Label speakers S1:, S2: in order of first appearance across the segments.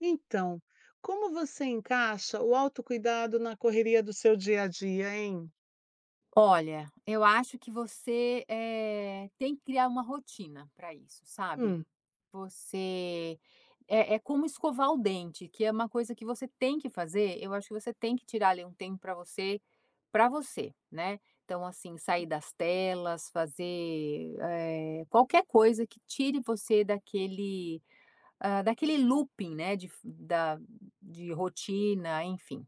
S1: Então, como você encaixa o autocuidado na correria do seu dia a dia, hein?
S2: Olha, eu acho que você, eh, tem que criar uma rotina pra isso, sabe.
S1: Hum.
S2: Você é é como escovar o dente, que é uma coisa que você tem que fazer, eu acho que você tem que tirar ali um tempo pra você, pra você, né. Então, assim, sair das telas, fazer, eh, qualquer coisa que tire você daquele, hã, daquele looping, né, de f da de rotina, enfim.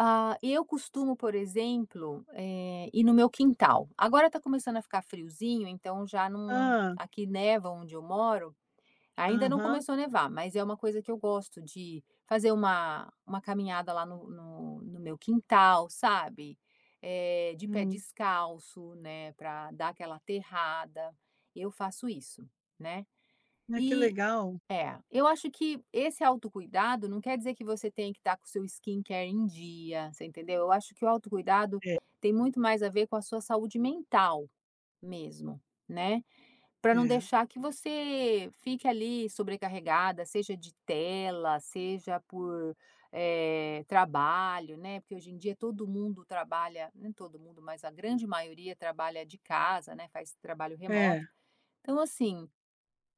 S2: Ah, eu costumo, por exemplo, eh, ir no meu quintal. Agora está começando a ficar friozinho, então já não
S1: Hã.
S2: aqui neva onde eu moro. Ainda não
S1: Aham.
S2: começou a nevar, mas é uma coisa que eu gosto de fazer uma uma caminhada lá no no no meu quintal, sabe, eh, de pé
S1: Hum.
S2: descalço, né, pra dar aquela aterrada. Eu faço isso, né.
S1: Ah, que
S2: E
S1: legal.
S2: é, eu acho que esse autocuidado não quer dizer que você tenha que estar com o seu skin care em dia, você entendeu. Eu acho que o autocuidado
S1: É.
S2: tem muito mais a ver com a sua saúde mental mesmo, né, pra não
S1: É.
S2: deixar que você fique ali sobrecarregada, seja de tela, seja por, eh, trabalho, né, porque hoje em dia todo mundo trabalha nem todo mundo, mas a grande maioria trabalha de casa, né, faz trabalho remoto.
S1: É.
S2: Então, assim,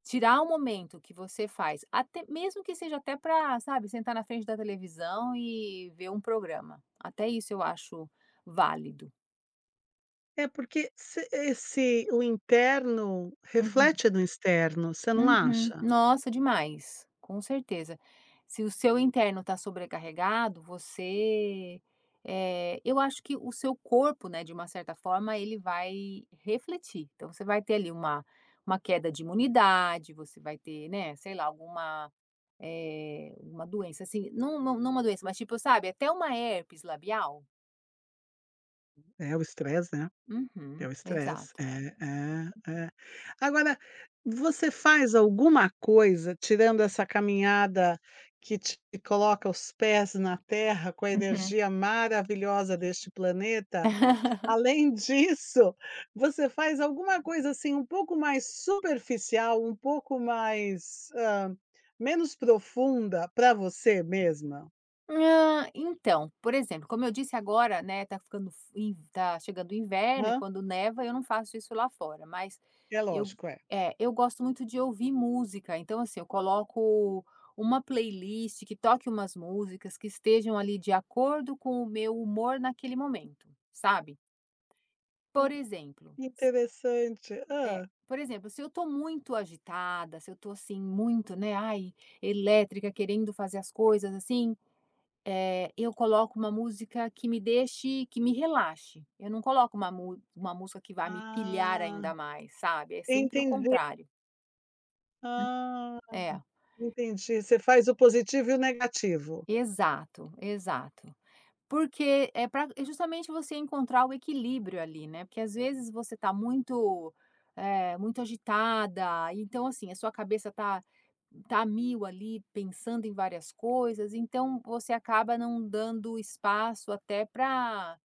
S2: tirar um momento que você faz, até mesmo que seja até pra, sabe, sentar na frente da televisão e ver um programa, até isso eu acho válido.
S1: É porque se esse o interno
S2: Uhum.
S1: reflete no externo, você não
S2: Uhum,
S1: acha?
S2: nossa demais, com certeza, se o seu interno está sobrecarregado você eh, eu acho que o seu corpo né, de uma certa forma ele vai refletir, então você vai ter, ali, uma uma queda de imunidade, você vai ter, né, sei lá, alguma eh, uma doença, assim, não não não uma doença, mas, tipo, sabe, até uma herpes labial.
S1: É o stress, né, é
S2: Uhum,
S1: o stress
S2: exato.
S1: é é é, agora, você faz alguma coisa, tirando essa caminhada que te coloca os pés na terra com a
S2: Uhum.
S1: energia maravilhosa deste planeta, além disso, você faz alguma coisa, assim, um pouco mais superficial, um pouco mais, hã, menos profunda para você mesma?
S2: Ah, então, por exemplo, como eu disse agora, né, está ficando fri está chegando o inverno e
S1: Hã.
S2: quando neva, eu não faço isso lá fora, mas
S1: É
S2: eu
S1: lógico, é.
S2: eh, eu gosto muito de ouvir música, então, assim, eu coloco uma Playlist que toque umas músicas que estejam ali de acordo com o meu humor naquele momento, sabe,
S1: Hum,
S2: por exemplo,
S1: Interessante,
S2: s eh,
S1: hã?
S2: por exemplo, se eu estou muito agitada, se eu estou, assim, muito, né, ai, elétrica, querendo fazer as coisas, assim, eh, eu coloco uma música que me deixe que me relaxe, eu não coloco uma uma música que vá me pilhar
S1: Ah,
S2: ainda mais, sabe, é sempre o
S1: entendi.
S2: contrário. Hum,
S1: Ah!
S2: é.
S1: Entendi, você faz o positivo e o negativo?
S2: Exato, exato, porque é pra é justamente você encontrar o equilíbrio ali né, porque as vezes você tá muito, eh, muito agitada então assim a sua cabeça tá tá mil ali pensando em várias coisas, então você acaba não dando espaço até pra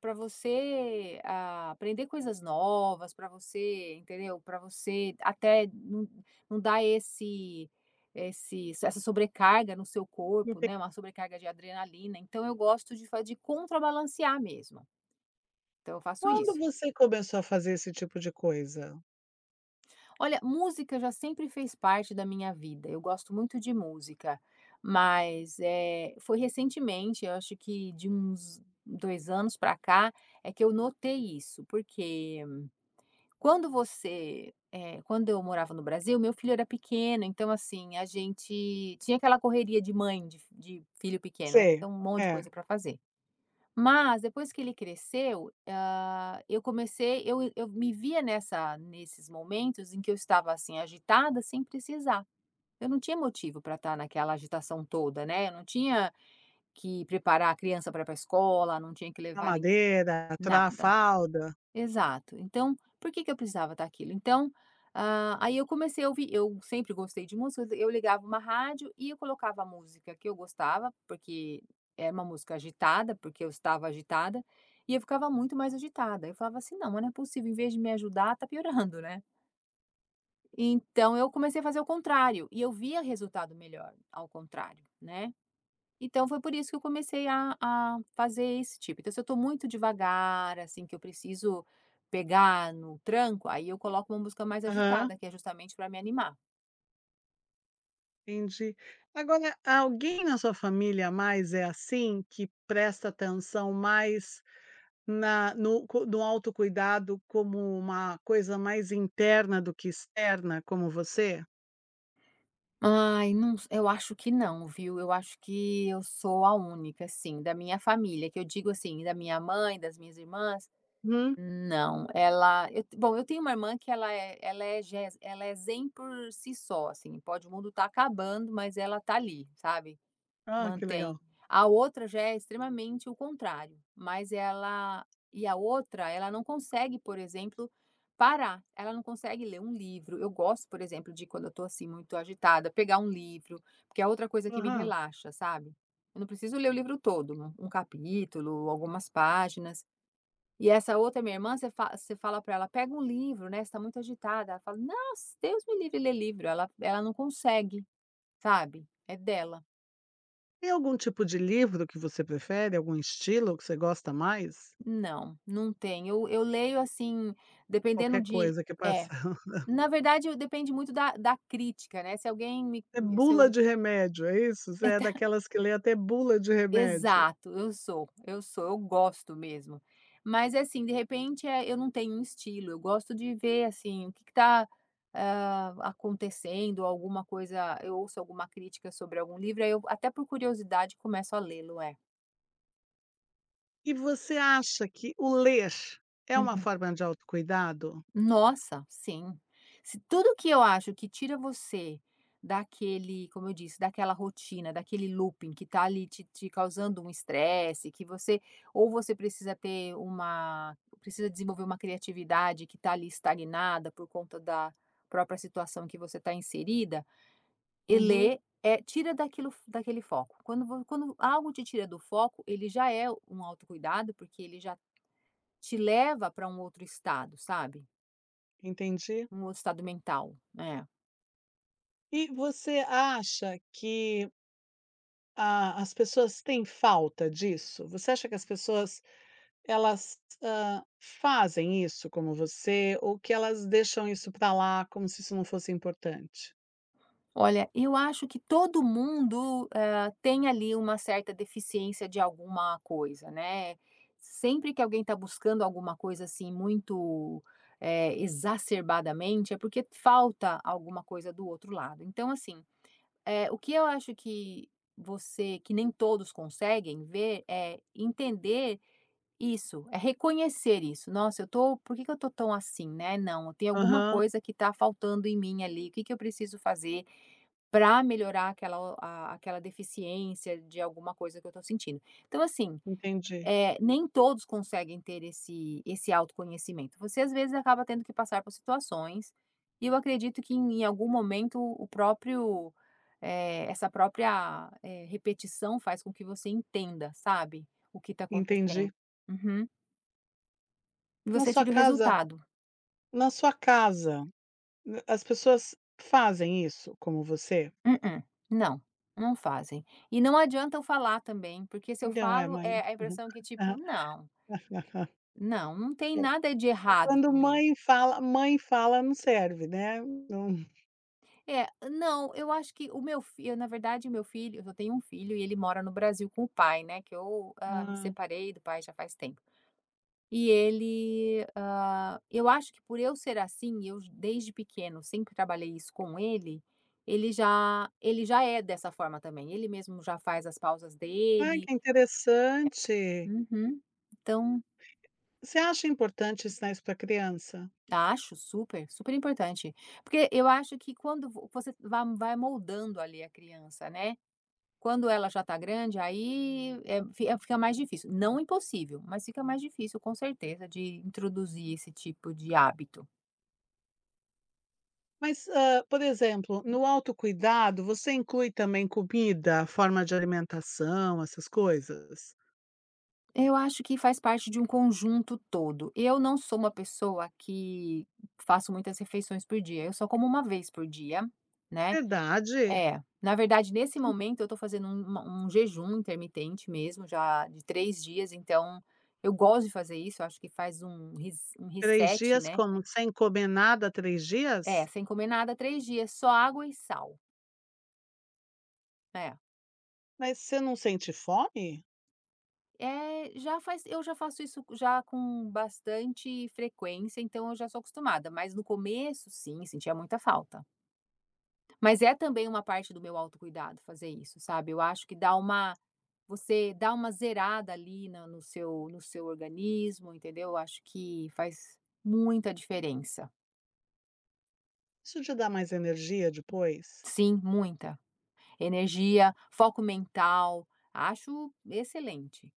S2: pra você, hã, aprender coisas novas, pra você entendeu, pra você até num num dar esse esse essa sobrecarga no seu
S1: Não
S2: corpo
S1: tem
S2: né, uma sobrecarga de adrenalina, então eu gosto de fa de contrabalancear mesmo, então eu faço
S1: Quando
S2: isso.
S1: você começou a fazer esse tipo de coisa?
S2: Olha música já sempre fez parte da minha vida, eu gosto muito de música, mas eh foi recentemente eu acho que de uns 2 anos pra cá é que eu notei isso, porque quando você, eh, quando eu morava no Brasil o meu filho era pequeno então assim a gente tinha aquela correria de mãe de f de filho pequeno né,
S1: Sei,
S2: então uma monte de
S1: é.
S2: coisa pra fazer. Mas depois que ele cresceu, ah, eu comecei eu eu me via nessa nesses momentos em que eu estava assim agitada sem precisar, eu não tinha motivo pra tá naquela agitação toda né, eu não tinha que preparar a criança pra ir pra escola, não tinha que levar ninguém,
S1: Madeira, tra a
S2: nada.
S1: fralda.
S2: Exato, então por que que eu precisava daquilo, então, hã, aí eu comecei a ouvir eu sempre gostei de música, eu ligava um rádio e eu colocava música que eu gostava, porque é uma música agitada, porque eu estava agitada e eu ficava muito mais agitada, eu falava assim: "Não mas não é possível, em vez de me ajudar tá piorando né." Então eu comecei a fazer o contrário, e eu via resultado melhor ao contrário, né, então foi por isso que eu comecei a a fazer esse tipo. Então se eu tô muito devagar assim que eu preciso pegar no tranco, aí eu coloco uma música mais
S1: Aham.
S2: agitada que é justamente pra me animar.
S1: Entendi. Agora, alguém na sua família mais é assim? Que presta atenção mais na no cui no autocuidado como uma coisa mais interna do que externa, como você?
S2: Aí, não se eu acho que não, viu. Eu acho que eu sou a única. Assim, da minha família, que eu digo, assim, da minha mãe, das minhas irmãs,
S1: Hum.
S2: não. Ela eu te bom, eu tenho uma irmã que ela é ela é ges ela é zen por si só, assim. Pode o mundo estar acabando, mas ela está ali, sabe,
S1: Ó, que
S2: mantém.
S1: legal!
S2: A outra já é extremamente o contrário, mas ela E a outra, ela não consegue, por exemplo, parar, ela não consegue ler um livro. Eu gosto, por exemplo, de quando eu estou, assim, muito agitada pegar um livro, porque é a outra coisa que me
S1: Aham.
S2: relaxa, sabe. Eu não preciso ler o livro todo, um capítulo, algumas páginas. E essa outra minha irmã, você fa se você falar pra ela: "Pega um livro, né, você está muito agitada", ela fala: "Nossa, Deus me livre ler livro", ela ela não consegue, sabe, é dela.
S1: Tem algum tipo de livro que você prefere, algum estilo que você gosta mais?
S2: Não, não tem eu eu leio assim, dependendo
S1: Qualquer
S2: de
S1: coisa que é
S2: eh,
S1: passada.
S2: na verdade depende muito da da crítica, né, se alguém me
S1: É
S2: se
S1: bula
S2: eu
S1: de remédio, é isso? Você
S2: É
S1: é
S2: ta o
S1: daquelas que lê até bula de remédio.
S2: Exato, eu sou, eu sou, eu gosto mesmo. Mas assim de repente é, eu não tenho um estilo, eu gosto de ver assim o que que tá, hã, acontecendo ou alguma coisa, eu ouço alguma crítica sobre algum livro, aí eu até por curiosidade começo a lê-lo, é.
S1: E você acha que o ler é uma
S2: Uhum.
S1: forma de autocuidado?
S2: Nossa, sim. Se tudo que eu acho que tira você daquele como eu disse, daquela rotina, daquele looping que tá ali te te causando um estresse, que você ou você precisa ter uma precisa desenvolver uma criatividade que tá ali estagnada por conta da própria situação que você está inserida, e
S1: Uhum.
S2: lê, eh, tira daquilo daquele foco, quando vo quando algo te tira do foco, ele já é um autocuidado porque ele já te leva pra um outro estado, sabe.
S1: Entendi.
S2: Um outro estado mental, é.
S1: E você acha que A as pessoas têm falta disso? Você acha que as pessoas, elas, hã, fazem isso como você, ou que elas deixam isso pra lá como se isso não fosse importante?
S2: Olha, eu acho que todo mundo, hã, tem ali uma certa deficiência de alguma coisa, né. Sempre que alguém está buscando alguma coisa, assim, muito, eh, exacerbadamente, é porque falta alguma coisa do outro lado. Então, assim, eh, o que eu acho que você que nem todos conseguem ver é entender isso, é reconhecer isso. "Nossa eu estou por que que eu estou tão assim, né, não, tem alguma
S1: Aham.
S2: coisa que está faltando em mim ali, que que eu preciso fazer para melhorar aquela o a aquela deficiência de alguma coisa que eu estou sentindo". Então, assim,
S1: Entendi.
S2: eh, nem todos conseguem ter esse esse autoconhecimento. Você, às vezes, acaba tendo que passar por situações, e eu acredito que em algum momento o próprio, eh, essa própria, eh, repetição faz com que você entenda, sabe? O que está acontecendo,
S1: Entendi.
S2: uhum. E
S1: Na
S2: você
S1: sua
S2: tira o
S1: casa
S2: resultado.
S1: na sua casa, n as pessoas fazem isso como você?
S2: Mm-mm, não, não fazem. E não adianta eu falar também porque se eu falo, eh, a impressão é que
S1: [unintelligible]
S2: tipo "não". Não, não tem
S1: [unintelligible]
S2: nada de
S1: É
S2: errado
S1: quando
S2: comigo.
S1: mãe fala mãe fala não serve, né? Não.
S2: É não, eu acho que o meu fi na verdade, o meu filho eu só tenho um filho, e ele mora no Brasil com o pai, né, que eu, hã, me
S1: Hã.
S2: separei do pai já faz tempo. E ele, hã, eu acho que por eu ser assim, eu, desde pequeno, sempre trabalhei isso com ele, ele já ele já é dessa forma, também, ele mesmo já faz as pausas
S1: Ai,
S2: dele.
S1: que interessante.
S2: É, uhum, então
S1: Você acha importante ensinar isso pra criança?
S2: Acho, super, super importante, porque eu acho que quando vo você vai vai moldando, ali, a criança, né. Quando ela já tá grande, aí, é fi fica mais difícil, não impossível, mas fica mais difícil, com certeza, de introduzir esse tipo de hábito.
S1: Mas, hã, por exemplo, no autocuidado, você inclui também comida, forma de alimentação, essas coisas?
S2: Eu acho que faz parte de um conjunto todo, e eu não sou uma pessoa que faço muitas refeições por dia, eu só como uma vez por dia, né,
S1: Verdade?
S2: é, na verdade, nesse momento, eu estou fazendo um uma um jejum intermitente mesmo, já de 3 dias, então, eu gosto de fazer isso, eu acho que faz um res um
S1: 3
S2: reset,
S1: dias
S2: né.
S1: como? Sem comer nada, 3
S2: É,
S1: dias?
S2: sem comer nada 3 dias, só água e sal. É.
S1: Mas você não sente fome?
S2: É, já faz eu já faço isso já com bastante frequência, então eu já sou acostumada, mas no começo, sim, sentia muita falta. Mas é também uma parte do meu autocuidado fazer isso, sabe, eu acho que dá uma você dá uma zerada, ali, na no seu no seu organismo entendeu? Acho que faz muita diferença.
S1: Isso te dá mais energia depois?
S2: Sim, muita, energia, foco mental, acho excelente.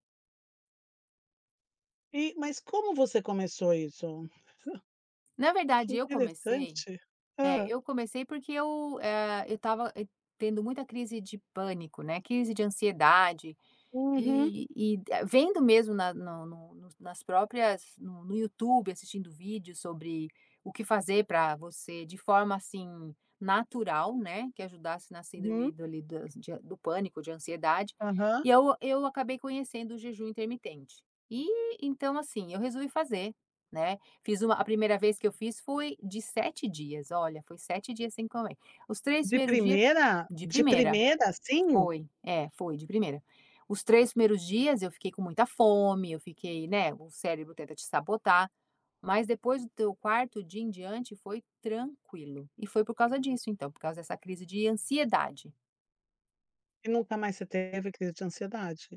S1: E mas como você começou isso?
S2: Na
S1: Que
S2: verdade eu comecei
S1: interessante!
S2: é,
S1: Hã?
S2: eu comecei, porque eu, ah, eu estava tendo muita crise de pânico, né, crise de ansiedade
S1: Uhum.
S2: e e vendo mesmo na no no no nas próprias no no YouTube, assistindo vídeos sobre o que fazer para você de forma, assim, natural, né, que ajudasse na síndrome
S1: Uhum.
S2: do ali, das de do pânico ou de ansiedade
S1: Aham.
S2: e, aí, eu acabei conhecendo o jejum intermitente e, então, assim, eu resolvi fazer, né, fiz um a 1ª vez que eu fiz foi de 7 dias, olha, foi 7 dias sem comer, os 3
S1: De
S2: 1º dia,
S1: primeira?
S2: de
S1: De
S2: primeira,
S1: primeira, assim?
S2: foi, é, foi de primeira. Os 3 1º dias eu fiquei com muita fome, eu fiquei, né, o cérebro tenta te sabotar, mas depois do teu 4º dia em diante foi tranquilo e foi por causa disso, então, por causa dessa crise de ansiedade.
S1: E nunca mais você teve crise de ansiedade?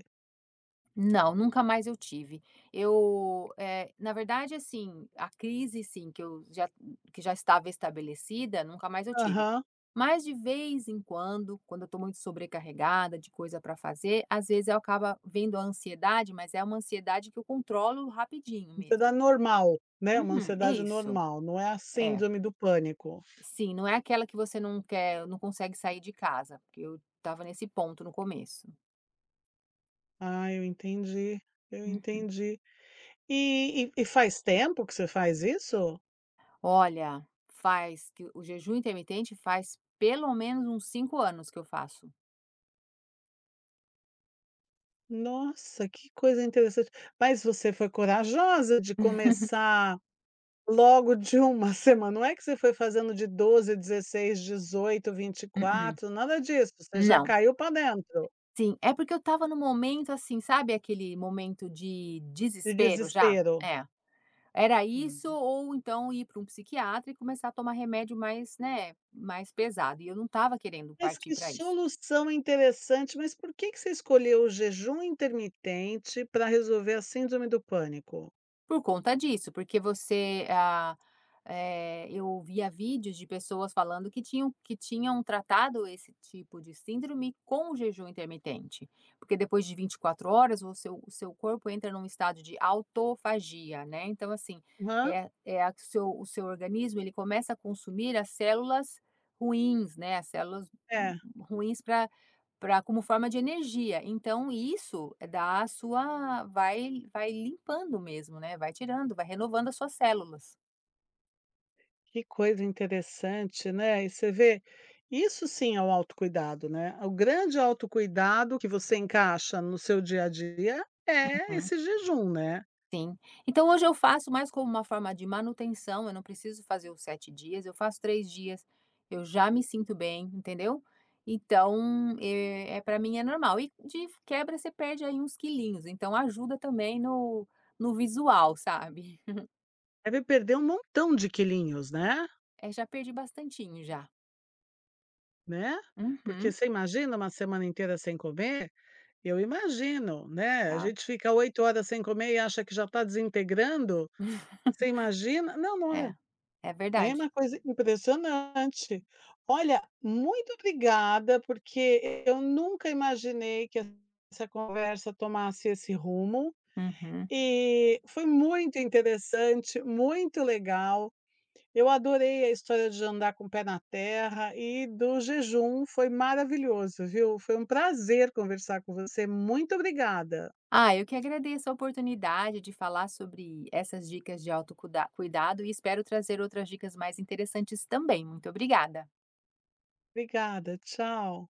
S2: Não, nunca mais eu tive. Eu, eh, na verdade, assim, a crise sim, que eu já que já estava estabelecida, nunca mais eu tive.
S1: Aham.
S2: Mas de vez em quando, quando eu tô muito sobrecarregada de coisa pra fazer, às vezes eu acaba vindo a ansiedade, mas é uma ansiedade que controlo rapidinho mesmo.
S1: Ansiedade normal, né, uma
S2: Uhum,
S1: ansiedade
S2: isso,
S1: normal, não é a
S2: é.
S1: síndrome do pânico.
S2: Sim, não é aquela que você não quer não consegue sair de casa, porque eu estava nesse ponto no começo.
S1: Ah, eu entendi, eu
S2: Uhum.
S1: entendi. E e e faz tempo que você faz isso?
S2: Olha, faz que o jejum intermitente faz pelo menos uns 5 anos que eu faço.
S1: Nossa, que coisa interessante. Mas você foi corajosa de começar logo de 1 semana, não é que você foi fazendo de 12, 16, 18, vinte e
S2: Mm-mm,
S1: quatro, nada disso, você já
S2: não.
S1: caiu pra dentro.
S2: Sim, é porque eu estava num momento, assim, sabe aquele momento de
S1: De
S2: desespero já?
S1: desespero.
S2: É. Era isso
S1: Hum.
S2: ou então ir pra um psiquiatra e começar a tomar remédio mais, né, mais pesado. E eu não estava querendo
S1: Mas
S2: partir
S1: que
S2: pra isso.
S1: solução interessante. Mas por que que você escolheu o jejum intermitente pra resolver a síndrome do pânico?
S2: Por conta disso, porque você ah, eh, eu ouvia vídeos de pessoas falando que tinham que tinham tratado esse tipo de síndrome com jejum intermitente, porque depois de 24 horas o seu o seu corpo entra num estado de autofagia, né, então, assim,
S1: Hã.
S2: é é a que o seu o seu organismo ele começa a consumir as células ruins, né, as células
S1: É.
S2: ruins para para como forma de energia, então isso dá a sua vai vai limpando mesmo, né, vai tirando, vai renovando as suas células.
S1: Que coisa interessante, né, e você vê, isso sim é o autocuidado, né, o grande autocuidado que você encaixa no seu dia a dia, é
S2: Uhum.
S1: esse jejum, né.
S2: Sim, então hoje eu faço mais como uma forma de manutenção, eu não preciso fazer os 7 dias, eu faço 3 dias, eu já me sinto bem, entendeu? Então, eh, para mim é normal e de quebra você perde, aí, uns quilinhos, então ajuda também no no visual, sabe?
S1: Deve perder um montão de quilinhos, né.
S2: É, já perdi bastantinho, já.
S1: Né, porque
S2: Uhum.
S1: você imagina uma semana inteira sem comer? Eu imagino, né, a
S2: É.
S1: gente fica 8 horas sem comer e acha que já tá desintegrando, você imagina? Não, não é
S2: É, é
S1: é
S2: verdade.
S1: uma coisa impressionante. Olha, muito obrigada, porque eu nunca imaginei que essa conversa tomasse esse rumo
S2: Uhum.
S1: e foi muito interessante, muito legal, eu adorei a história de andar com o pé na terra e do jejum, foi maravilhoso, viu, foi um prazer conversar com você, muito obrigada.
S2: Ah, eu que agradeço a oportunidade de falar sobre essas dicas de autocuda cuidado e espero trazer outras dicas mais interessantes também, muito obrigada.
S1: Obrigada, tchau.